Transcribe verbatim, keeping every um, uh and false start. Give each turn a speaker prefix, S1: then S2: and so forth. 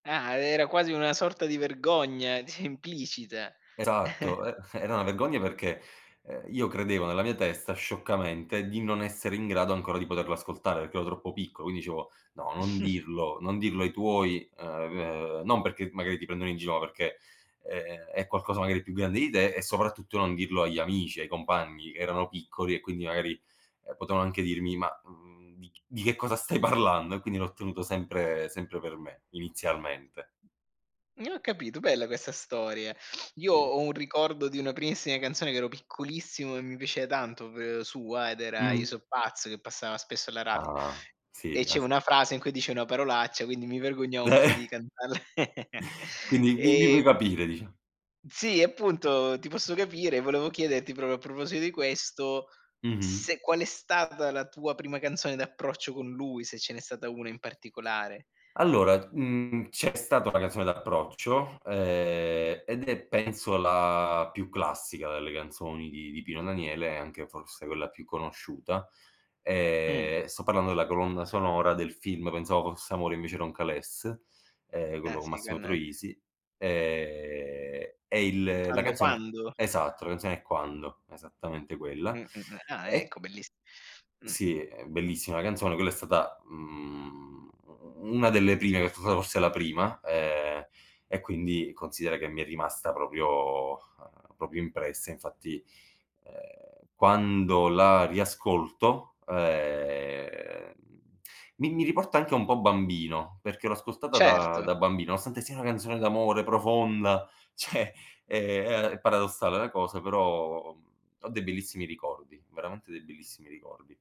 S1: Ah, e era quasi una sorta di vergogna, implicita.
S2: Esatto, e era una vergogna perché, ehm, io credevo nella mia testa, scioccamente, di non essere in grado ancora di poterlo ascoltare, perché ero troppo piccolo. Quindi dicevo: "No, non dirlo, non dirlo ai tuoi", ehm, ehm, non perché magari ti prendono in gi no, perché, ehm, è qualcosa magari più grande di te e soprattutto non dirlo agli amici, ai compagni, che erano piccoli, e quindi magari, ehm, potevan anche dirmi: "Mah, mhmm, di ch di che cosa stai parlando?" E quindi l'ho tenuto sempre sempre per me, inizialmente.
S1: N capito, bella questa storia. Io
S2: Sì.
S1: ho un ricordo di una primissima canzone, che ero piccolissimo e mi piaceva tanto, v sua, ed era "Je
S2: Mh.
S1: so' pazz", che passava spesso alla radio,
S2: Ah,
S1: e
S2: si,
S1: c'è
S2: as
S1: una frase in cui dice una parolaccia, quindi mi vergognavo un po' di
S2: Beh!
S1: canta l
S2: Quindi mi mi puoi
S1: ehm
S2: capire dicia
S1: Sì, appunto, ti posso capire, e volevo chiederti, propio a proposito di questo,
S2: Mh-mh.
S1: se qual è stata la tua prima canzone d'approccio con lui, se ce n'è stata una in particolare.
S2: Allora, mhmm, c'è stata una canzone d'approccio, ehm, ed è penso la più classica delle canzoni di di Pino Daniele, e anche forse quella più conosciuta.
S1: Mh.
S2: Ehm, e sto parlando della colonna sonora del film "Pensavo fosse amore invece era un calesse", ehm,
S1: Eh
S2: quello con
S1: si,
S2: Massimo
S1: con
S2: Troisi. Ehm, e il la
S1: Quando,
S2: canzone
S1: quando?
S2: esatto, la canzone è "Quando", esattamente quella.
S1: Mh-mh, mh, ah
S2: E
S1: ecco, belliss mh.
S2: Sì, è bellissima canzone, quella è stata, mhmm, u u una delle prime [unintelligible] forse la prima, ehm, e quindi considera che mi è rimasta propio, ehm, propio impressa. Infatti, ehm, quando la riascolto, ehm, mi mi riporta anche un po' bambino, perché l'ho ascoltata da
S1: Certo.
S2: da bambino, nonostante sia una canzone d'amore, profonda, ceh, ehm, è paradossale la cosa, però, uhm, ho dei bellissimi ricordi, veramente dei bellissimi ricordi.